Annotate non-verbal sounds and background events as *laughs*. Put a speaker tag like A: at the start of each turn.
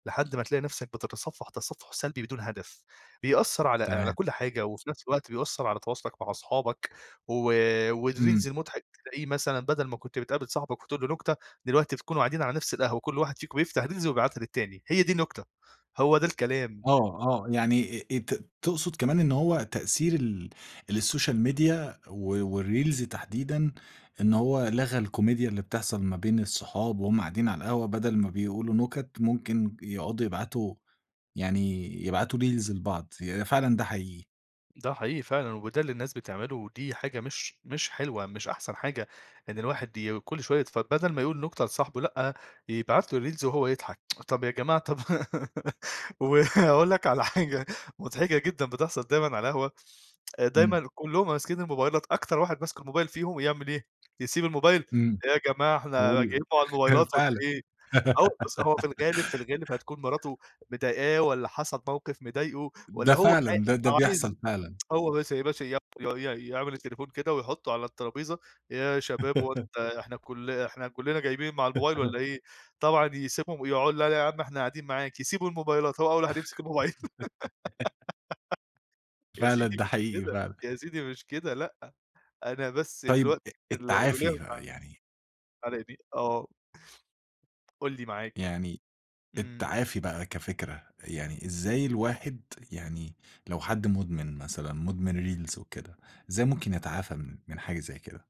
A: لحد ما تلاقي نفسك بتتصفح تصفح سلبي بدون هدف، بيأثّر على على
B: تمام.
A: كل حاجة وفي نفس الوقت بيأثّر على تواصلك مع اصحابك و
B: إمم.
A: والريلز المُضحك تلاقيه مثلًا بدل ما كنت بتقابل صاحبك وتقول له نكتة دلوقتي تكونوا قاعدين على نفس القهوة وكل واحد فيكم بيفتح ريلز ويبعتها للتاني. هي دي النكتة، هو ده الكلام.
B: آه آه يعني آآ، آآ، ت تقصد كمان إن هو تأثير ال السوشال ميديا و والريلز تحديدًا إن هو لغى الكوميديا اللي بتحصل ما بين الصحاب وهُم قاعدين على القهوة بدل ما بيقولوا نُكت ممكن بيقعُدوا يبعتوا يعني يبعتوا ريلز لبعض هي فعلًا ده حقيقي.
A: ده حقيقي فعلًا وده اللي الناس بتعمله ودي حاجة مش مش حلوة، مش أحسن حاجة. إن الواحد ي كل شوية يتف فبدل ما يقول نكتة لصاحبه لأ، يبعت له الريلز وهو يضحك *tsk* طب يا جماعة طب *laughs* وهاقول لك على حاجة مضحكة جدًا بتحصل دايمًا على القهوة
B: إمم.
A: دايمًا كلّهم ماسكين الموبايلات أكتر واحد ماسك الموبايل فيهم يعمل إيه، يسيب الموبايل،
B: إمم
A: "إيه يا جماعة إحنا
B: قُل
A: جايين مع
B: هي
A: الموبايلات والّا
B: فعلًا.
A: إيه!" آه، وبُص هو في الغالب في
B: *giggles*
A: الغالب هتكون مراته مضيقاه والّا حصل موقف مضايقه
B: ده
A: والّا هو
B: فعلًا. ده ده
A: ع عايز
B: بيحصل فعلًا.
A: هو بس *unintelligible* ي ي يعمل التليفون كده ويحطّه على الطرابيزة، "إيه يا شباب هو
B: *laughs*
A: أنت إحنا كل إحنا كلّنا جايبين مع الموبايل
B: *laughs*
A: والّا إيه" طبعًا يسيبهم ويقع "لأ يا عم إحنا قاعدين معاك" يسيبوا الموبايلات هو أول واحد يمسك الموبايل. *giggles*
B: *laughs*
A: يا
B: فعلًا
A: سيدي
B: ده
A: مش
B: حقيقي
A: كده،
B: فعلًا.
A: يا سيدي مش كده لأ، أنا بس
B: طيب
A: دلوقت
B: أ أ
A: ال الوليّة
B: التعافي
A: مزع
B: يعني
A: مزعلاني آه. قُل لي معاك.
B: يعني
A: إمم.
B: التعافي بقى كفكرة، يعني إزاي الواحد يعني لو حد مُدمن مثلًا مُدمن ريلز وكده إزاي ممكن يتعافى من من حاجة زي كده؟